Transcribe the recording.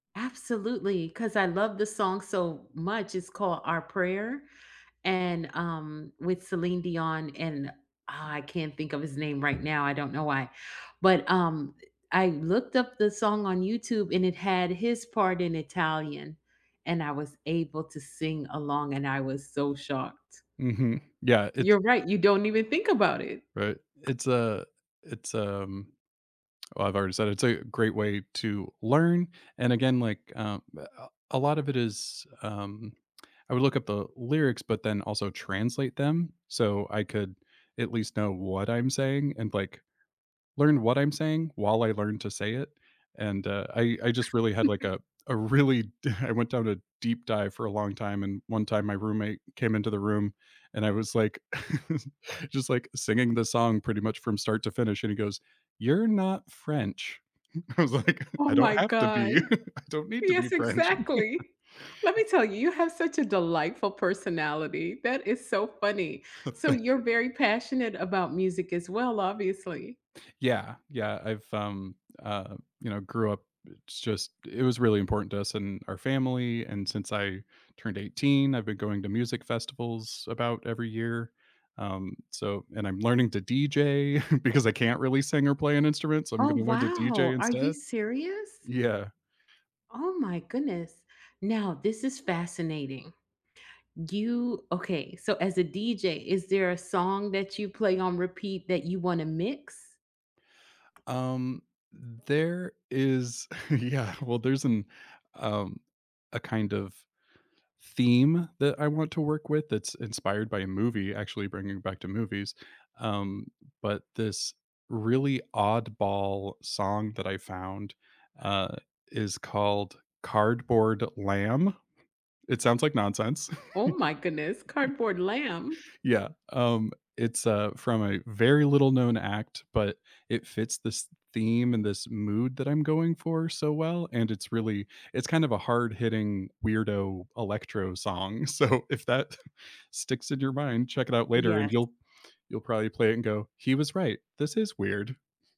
Absolutely, 'cause I love the song so much, it's called Our Prayer, and, um with Celine Dion and, ah, I can't think of his name right now, I don't know why, but, um, eh, I looked up the song on YouTube, and it had his part in Italian, and I was able to sing along, and I was so shocked. Mhm, yeah, it's You're right, you don't even think about it. Right, it's a it's, um oh, I've already said it's a great way to learn, and again like, um, a a lot of it is, um I would look up the lyrics, but then also translate them, so I could at least know what I'm saying and like learn what I'm saying while I learned to say it, and, uh, I I just really had like a a really d I went down a deep dive for a long time and one time my roommate came into the room, and I was like, just, like, singing the song pretty much from start to finish, and he goes, "You're not French." I was like, Oh "I my don't have to god. be, I don't need to be Yes, French." exactly. Let me tell you, you have such a delightful personality. That is so funny, so Thank you're you. very passionate about music as well, obviously. Yeah, yeah, I've, um, uh, you know, grew up it's just it was really important to us in our family, and since I turned 18, I've been going to music festivals about every year, um, so and I'm learning to DJ because I can't really sing or play an instrument, so I'm Oh gonna learn to wow! DJ Are you instead. serious? Yeah. Oh, my goodness. Now this is fascinating. You okay, so as a DJ, is there a song that you play on repeat that you wanna mix? Um, there is Yeah, well, there's an, um a kind of theme that I want to work with that's inspired by a movie actually bringing back to movies, um, but this really oddball song that I found, uh, is called Cardboard Lamb. It sounds like nonsense. Oh my goodness, Cardboard Lamb? Yeah, um, it's, uh, from a very little known act, but it fits this theme and this mood that I'm going for so well, and it's really it's kind of a hard hitting weirdo electro song, so if that sticks in your mind, check it out later and Yes. you'll you'll probably play it and go, "He was right, this is weird."